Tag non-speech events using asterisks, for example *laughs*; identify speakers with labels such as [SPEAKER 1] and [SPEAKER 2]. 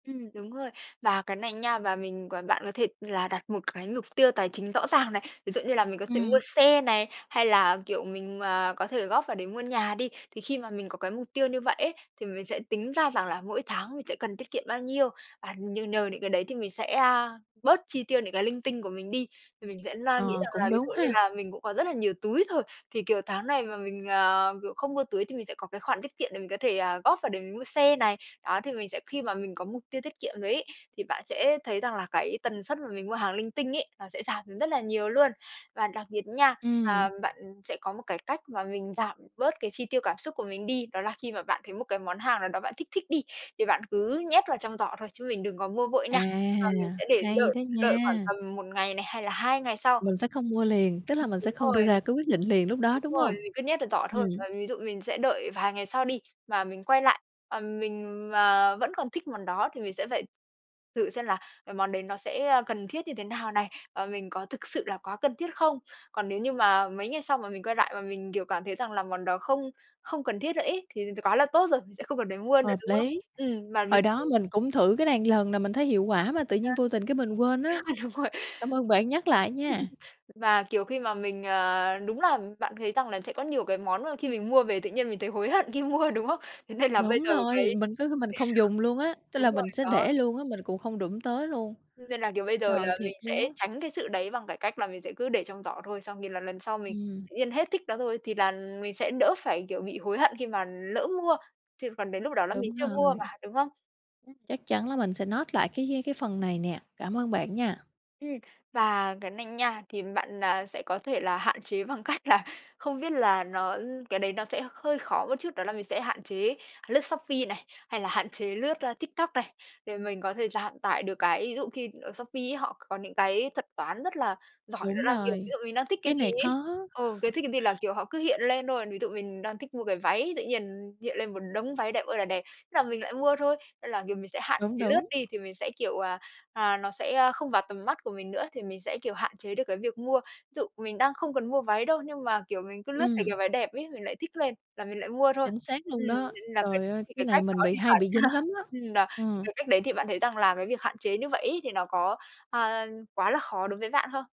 [SPEAKER 1] Ừm, đúng rồi. Và cái này nha và mình còn bạn có thể là đặt một cái mục tiêu tài chính rõ ràng này. Ví dụ như là mình có thể mua
[SPEAKER 2] Ừm.
[SPEAKER 1] xe này hay là, kiểu, mình mà có thể góp vào để mua nhà đi, thì khi mà mình có cái mục tiêu như vậy ấy thì mình sẽ tính ra rằng là mỗi tháng mình sẽ cần tiết kiệm bao nhiêu. Và nhờ nhờ những cái đấy thì mình sẽ, a, bớt chi tiêu những cái linh tinh của mình đi, thì mình sẽ na nghĩ
[SPEAKER 2] Ờ,
[SPEAKER 1] rằng là
[SPEAKER 2] cũng
[SPEAKER 1] ví
[SPEAKER 2] đúng
[SPEAKER 1] dụ như
[SPEAKER 2] ha.
[SPEAKER 1] là mình cũng có rất là nhiều túi rồi, thì, kiểu, tháng này mà mình, à, kiểu, không mua túi thì mình sẽ có cái khoản tiết kiệm để mình có thể, ờ, góp vào để mình mua xe này. Đó, thì mình sẽ khi mà mình có mục tiêu tiết kiệm rồi ấy, thì bạn sẽ thấy rằng là cái tần suất mà mình mua hàng linh tinh ấy, nó sẽ giảm rất là nhiều luôn. Và đặc biệt nha, ờ,
[SPEAKER 2] Ừm.
[SPEAKER 1] bạn sẽ có một cái cách mà mình giảm bớt cái chi tiêu cảm xúc của mình đi, đó là khi mà bạn thấy một cái món hàng nào đó bạn thích thích đi thì bạn cứ nhét vào trong giỏ thôi chứ mình đừng có mua vội nha. Và mình
[SPEAKER 2] À,
[SPEAKER 1] sẽ để
[SPEAKER 2] hay
[SPEAKER 1] đợi
[SPEAKER 2] đó
[SPEAKER 1] đợi khoảng
[SPEAKER 2] nha.
[SPEAKER 1] tầm 1 ngày này hay là 2 ngày sau.
[SPEAKER 2] Mình sẽ không mua liền, tức là mình
[SPEAKER 1] Đúng
[SPEAKER 2] sẽ không đưa
[SPEAKER 1] rồi.
[SPEAKER 2] ra cái quyết định liền lúc đó,
[SPEAKER 1] Đúng
[SPEAKER 2] đúng
[SPEAKER 1] rồi,
[SPEAKER 2] hông?
[SPEAKER 1] mình cứ nhét ở giỏ
[SPEAKER 2] Ừm.
[SPEAKER 1] thôi, và ví dụ mình sẽ đợi vài ngày sau đi, và mình quay lại, ờm, mình mà vẫn còn thích món đó thì mình sẽ phải thử xem là cái món đấy nó sẽ, ơ, cần thiết như thế nào này, và mình có thực sự là quá cần thiết không. Còn nếu như mà mấy ngày sau mà mình quay lại và mình, kiểu, cảm thấy rằng là món đó không không cần thiết nữa ấy thì thì quá là tốt rồi. Mình sẽ không cần phải mua nữa,
[SPEAKER 2] Hợp
[SPEAKER 1] đúng không?
[SPEAKER 2] lý,
[SPEAKER 1] Ừm, mà ví
[SPEAKER 2] hồi đó
[SPEAKER 1] *unintelligible*
[SPEAKER 2] mình cũng thử cái này một lần là mình thấy hiệu quả mà tự nhiên vô
[SPEAKER 1] *unintelligible*
[SPEAKER 2] tình cái mình quên
[SPEAKER 1] Ơ,
[SPEAKER 2] á.
[SPEAKER 1] đúng rồi.
[SPEAKER 2] Cảm ơn bạn nhắc lại nha.
[SPEAKER 1] *laughs* Và, kiểu, khi mà mình à, đúng là bạn thấy rằng là sẽ có nhiều cái món mà khi mình mua về tự nhiên mình thấy hối hận khi mua, đúng không? Thế nên là bây
[SPEAKER 2] Đúng
[SPEAKER 1] giờ
[SPEAKER 2] rồi,
[SPEAKER 1] cái
[SPEAKER 2] mình cứ mình không dùng luôn á, tức
[SPEAKER 1] Đúng
[SPEAKER 2] là
[SPEAKER 1] rồi,
[SPEAKER 2] mình sẽ
[SPEAKER 1] đó.
[SPEAKER 2] để luôn á, mình cũng không đụng tới luôn.
[SPEAKER 1] Nên là, kiểu, bây giờ
[SPEAKER 2] Trời
[SPEAKER 1] là mình
[SPEAKER 2] thiệt luôn
[SPEAKER 1] sẽ
[SPEAKER 2] á.
[SPEAKER 1] tránh cái sự đấy bằng cái cách là mình sẽ cứ để trong giỏ thôi xong thì là lần sau mình
[SPEAKER 2] Ừm.
[SPEAKER 1] tự nhiên hết thích nó rồi thì là mình sẽ đỡ phải, kiểu, bị hối hận khi mà lỡ mua. Chứ còn đến lúc đó là mình
[SPEAKER 2] Đúng
[SPEAKER 1] chưa mua
[SPEAKER 2] rồi.
[SPEAKER 1] mà, đúng không? Ừm.
[SPEAKER 2] Chắc chắn là mình sẽ note lại cái cái cái phần này nè. Cảm ơn bạn nha.
[SPEAKER 1] Ừm, và cái này nha thì bạn, à, sẽ có thể là hạn chế bằng cách là không biết là nó ư, cái đấy nó sẽ hơi khó một chút đó là mình sẽ hạn chế lướt Shopee này, hay là hạn chế lướt, a, TikTok này để mình có thể giảm tải được cái ví dụ khi ở Shopee ấy họ c có những cái thuật toán rất là giỏi đó
[SPEAKER 2] Đúng
[SPEAKER 1] là, kiểu, ví
[SPEAKER 2] rồi,
[SPEAKER 1] dụ mình đang thích cái
[SPEAKER 2] cái
[SPEAKER 1] gì
[SPEAKER 2] này
[SPEAKER 1] ấy
[SPEAKER 2] khó.
[SPEAKER 1] ừ, cái thích cái gì là, kiểu, họ cứ hiện lên thôi, ví dụ mình đang thích mua cái váy tự nhiên hiện lên một đống váy đẹp ơi là đẹp. Thế là mình lại mua thôi, nên là, kiểu, mình sẽ hạn
[SPEAKER 2] Đúng,
[SPEAKER 1] chế lướt
[SPEAKER 2] đúng.
[SPEAKER 1] đi thì mình sẽ, kiểu, à, à nó sẽ, ơ, không vào tầm mắt của mình nữa thì mình sẽ, kiểu, hạn chế được cái việc mua. Dụ mình đang không cần mua váy đâu nhưng mà, kiểu, mình cứ lướt thấy
[SPEAKER 2] Ừm.
[SPEAKER 1] cái váy đẹp ấy, mình lại thích lên là mình lại mua thôi.
[SPEAKER 2] Chính xác luôn
[SPEAKER 1] Ừm,
[SPEAKER 2] đó,
[SPEAKER 1] *unintelligible* là cái
[SPEAKER 2] trời ơi,
[SPEAKER 1] *unintelligible* cái
[SPEAKER 2] cái này
[SPEAKER 1] cách đó
[SPEAKER 2] mình bị
[SPEAKER 1] thì
[SPEAKER 2] hay
[SPEAKER 1] phải.
[SPEAKER 2] bị dính
[SPEAKER 1] *unintelligible*
[SPEAKER 2] lắm á,
[SPEAKER 1] Ừm, *unintelligible* thì
[SPEAKER 2] ừm.
[SPEAKER 1] cái cách đấy thì bạn thấy rằng là cái việc hạn chế như vậy ấy thì nó có, ờ, quá là khó đối với bạn hông?